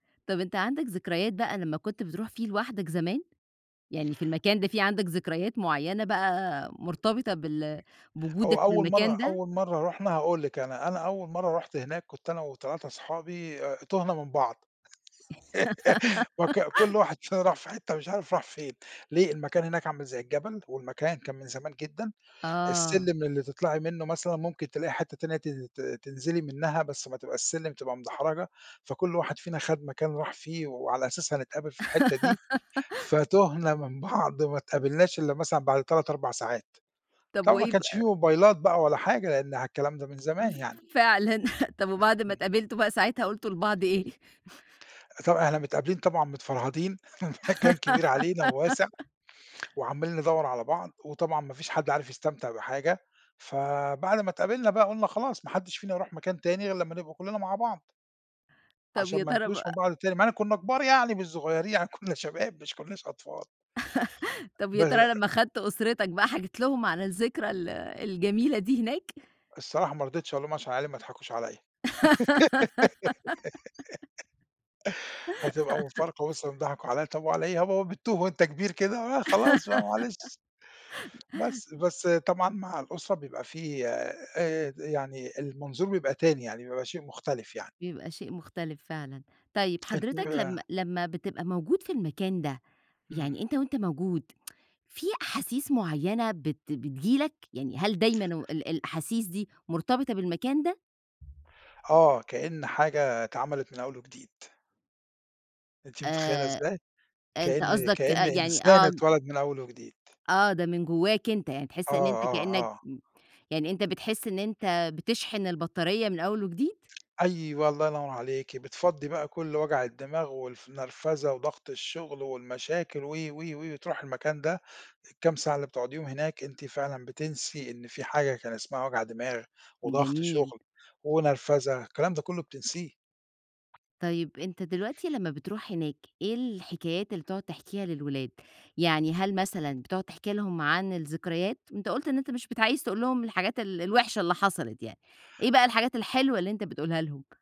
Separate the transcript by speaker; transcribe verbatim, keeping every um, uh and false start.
Speaker 1: طب أنت عندك ذكريات بقى لمّا كُنت بتروح فيه لوحدك زمان؟ يعني في المكان ده، في عندك ذكريات مُعيّنة بقى، مُرتبطة بال
Speaker 2: هو
Speaker 1: بوجودك
Speaker 2: أول
Speaker 1: بالمكان
Speaker 2: مرة
Speaker 1: ده؟
Speaker 2: أول مرة رُحنا هاقول لِك أنا أنا أول مرة رُحت هناك، كُنت أنا وتلاتة أصحابي أ تُهنا من بعض وك كُلّ واحد فينا راح في حِتّة مش عارف راح فين، ليه؟ المكان هناك عامل زي الجبل، والمكان كان من زمان جدًا،
Speaker 1: آه.
Speaker 2: السلِّم اللي تطلعي منه مثلًا، مُمكن تلاقي حِتّة تانية تن ت تنزلي منها، بس ما تبقاش السلم تبقى مدحرجة، فكُل واحد فينا خد مكان راح فيه، وعلى أساسه هنتقابل في الحِتّة دي، فتُهنا من بعض وما اتقابلناش إلّا مثلًا بعد تلات، أربع ساعات.
Speaker 1: طب
Speaker 2: طبعًا ما
Speaker 1: وإيه
Speaker 2: كانش
Speaker 1: بقى
Speaker 2: في
Speaker 1: ب
Speaker 2: موبايلات بقى ولا حاجة لأن ع الكلام ده من
Speaker 1: ف
Speaker 2: زمان يعني.
Speaker 1: فعلًا، طب وبعد ما
Speaker 2: امم.
Speaker 1: تقابلتوا بقى ساعتها، قلتوا لبعض إيه؟
Speaker 2: أ طبعًا إحنا متقابلين طبعًا متفرهدين المكان كبير علينا وواسع وعمّالين ندَوّر على بعض، وطبعًا ما فيش حد عارف يستمتع بحاجة، فبعد ما اتقابلنا بقى، قُلنا "خلاص ما حدّش فينا يروح مكان تاني، غير لمّا نبقى كُلّنا مع بعض."
Speaker 1: طب
Speaker 2: عشان
Speaker 1: يا
Speaker 2: ما
Speaker 1: ترى
Speaker 2: نتوهش
Speaker 1: بقى
Speaker 2: من بعض تاني، مع إن كُنّا كُبار يعني، مش صغيرين يعني كُنّا شباب مش كُنّاش أطفال.
Speaker 1: طب يا
Speaker 2: بّر
Speaker 1: ترى لما خدت أسرتك بقى، حكيت لهم عن الذكرى ال الجميلة دي هناك؟
Speaker 2: الصراحة ما رضيتش أقول لهم، عشان عيالي ما يضحكوش عليَّ. هتبقى مفارقة وِصِل إن ضحكوا عليَّ، طب وعلى إيه، ها يا بابا بتُّوه وأنت كبير كده؟ آآ، خلاص بقى معلش. بس. بس طبعًا مع الأسرة بيبقى في آآ د يعني، المنظور بيبقى تاني يعني، بيبقى شيء مُختلف يعني.
Speaker 1: بيبقى شيء مختلف فعلًا. طيب
Speaker 2: أنتِ
Speaker 1: حضرتك لمّا
Speaker 2: ويّاه
Speaker 1: لمّا بتبقى موجود في المكان ده،
Speaker 2: امم.
Speaker 1: يعني أنت وأنت موجود في أحاسيس معينة بت بتيجي لك؟ يعني هل دايمًا وال الأحاسيس دي، مُرتبطة بالمكان ده؟
Speaker 2: آه، كأِّن حاجة اتعمَلِت من أوّل وجديد. أنتِ متخيلة
Speaker 1: آآ
Speaker 2: إزاي؟
Speaker 1: أنت
Speaker 2: كأني
Speaker 1: قصدك آآ،
Speaker 2: كأني
Speaker 1: يعني
Speaker 2: إنسان
Speaker 1: آه ج
Speaker 2: أتولد من أول وجديد.
Speaker 1: آه، ده من جواك أنت يعني،
Speaker 2: آه،
Speaker 1: تحس إن أنت كأنّك
Speaker 2: آه، آه.
Speaker 1: م يعني أنت بتحس إن أنت بتشحن البطارية من أول وجديد؟
Speaker 2: أيوَه، الله ينوّر عليكِ، بتفَضّي بقى كل وجع الدماغ، والف نرفزة، وضغط الشغل والمشاكل و و و وتروحي المكان ده، الكام ساعة اللي بتُقعُديهم هناك، أنتِ فعلًا بتنسي إن في حاجة كان اسمها وجع دماغ، وضغط
Speaker 1: جميل.
Speaker 2: شغل، ونرفزة، الكلام ده كُلُّه بتنسيه.
Speaker 1: طيب أنت دلوقتي لمّا بتروح هناك، إيه الحكايات اللي بتقعد تحكيها للولاد؟ يعني هل مثلًا بتقعد تحكي لهم عن الذكريات؟ أنت قلُت أنت مش بت عايز تقول لهم الحاجات ال-الوحشة اللي حصلت يعني، إيه بقى الحاجات الحلوة اللي أنت بتقولها لهم؟